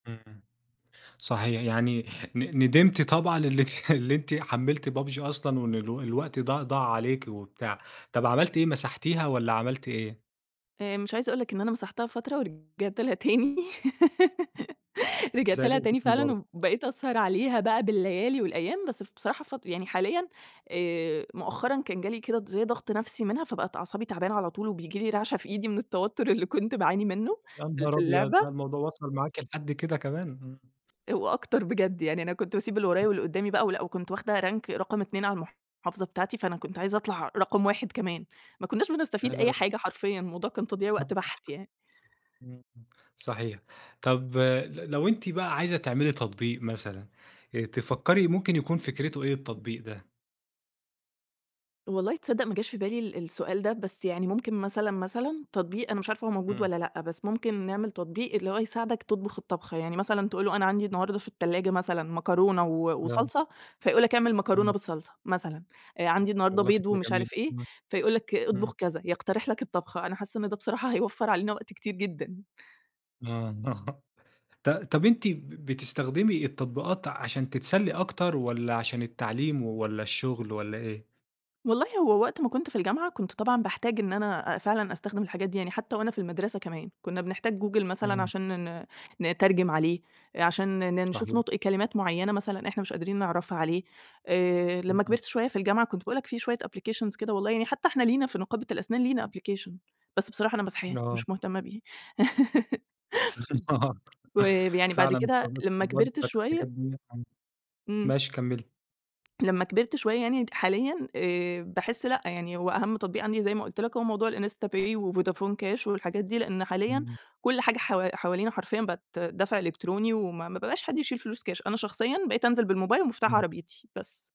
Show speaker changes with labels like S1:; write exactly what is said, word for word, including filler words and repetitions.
S1: إمم إمم. صحيح يعني ن ندمتِ طبعًا إنِّك اللي أنتِ حملتِ PUBG أصلًا وإن الو الوقت ض ضاع عليكِ وبتاع. طَب عملتِ إيه مسحتيها والّا عملتِ إيه؟
S2: آآ مش عايزة اقول لك إن أنا مسحتها فترة ورجعت لها تاني،
S1: زي
S2: رجعت لها
S1: اللي [unintelligible]
S2: تاني
S1: برضه.
S2: فعلًا، وبقيت اسهر عليها بقى بالليالي والأيام بس ف بصراحة فت يعني حاليًا آآ مؤخرًا كان جالي كده د زي ضغط نفسي منها فبقت أعصابي تعبانة على طول، وبييجي لي رعشة في إيدي من التوتر اللي كنت باعاني منُّه
S1: يا
S2: في ال
S1: نهار
S2: في
S1: أبيض! لا
S2: اللعبة
S1: الموضوع وصل معاكِ لحد كده كمان! امم.
S2: آآ وأكتر بجد يعني أنا كنت باسيب اللي ورايا
S1: [unintelligible]
S2: واللي قدامي بقى ولأ، وكنت واخدة rank رقم اتنين على المحافظة بتاعتي، فأنا كنت عايزة اطلع رقم واحد كمان. ما كنّاش بنستفيد أي
S1: [unintelligible]
S2: حاجة حرفيًا الموضوع كان تضييع وقت بَحت يعني.
S1: [unintelligible] إمم صحيح. طَب ل لو أنتِ بقى عايزة تعملي تطبيق مثلًا، آآ تفكّري ممكن يكون فكرته إيه التطبيق ده؟
S2: والله تصدق ما جاش في بالي ال السؤال ده، بس يعني ممكن مثلًا مثلًا تطبيق أنا مش عارفة هو موجود
S1: إمم.
S2: والّا لأ، بس ممكن نعمل تطبيق اللي هو يساعدك تطبخ الطبخة. يعني مثلًا تقول له أنا عندي النهارده في التلاجة مثلًا مكرونة و
S1: [unintelligible]
S2: وصلصة فيقول لك اعمل مكرونة
S1: إمم.
S2: بالصلصة مثلًا، آآ عندي النهارده
S1: والله
S2: بيض
S1: فكرة
S2: ومش
S1: جميلة.
S2: عارف إيه،
S1: إمم.
S2: فيقول لك
S1: إمم.
S2: اطبخ كذا، يقترح لك الطبخة. أنا حاسة إن ده بصراحة هيوفّر علينا وقت كتير جدًا.
S1: آه، ط طب أنتِ ب بتستخدمي التطبيقات عشان تتسلي أكتر، والّا عشان التعليم والّا الشغل والّا إيه؟
S2: والله هو وقت ما كنت في الجامعة كنت طبعًا باحتاج إن أنا أ فعلًا أستخدم الحاجات دي، يعني حتى وأنا في المدرسة كمان كنّا بنحتاج google مثلًا
S1: إمم.
S2: عشان ن ن نترجم عليه، آآ، عشان ن نشوف
S1: صحيح.
S2: نُطق كلمات معيّنة مثلًا إحنا مش قادرين نعرفها عليه، آآ، لمّا
S1: إمم.
S2: كبرت شوية في الجامعة كنت باقول لك في شوية application كده والله، يعني حتى إحنا لينا في نقابة الأسنان لينا application بس بصراحة أنا ماسحاه
S1: آه.
S2: مش مهتمة بيه.
S1: آه
S2: وب يعني بعد
S1: فعلًا
S2: كده لمّا
S1: التطبيقات
S2: كبرت
S1: بتاعة الحاجات
S2: شوية
S1: دِيّة آه
S2: إمم.
S1: ماشي كمّلي.
S2: لمّا كبرت شوية يعني حاليًا آآ باحس لأ، يعني هو أهَم تطبيق عندي زي ما قُلت لك هو موضوع الinstapay وvodafon cash والحاجات دي، لإن حاليًا
S1: إمم.
S2: كل حاجة حو حوالينا حرفيًا بقت دفع إلكتروني وما ما ب بقاش حد يشيل فلوس كاش، أنا شخصيًا بقيت انزل بالموبايل ومفتاح
S1: إمم.
S2: عربيتي بس.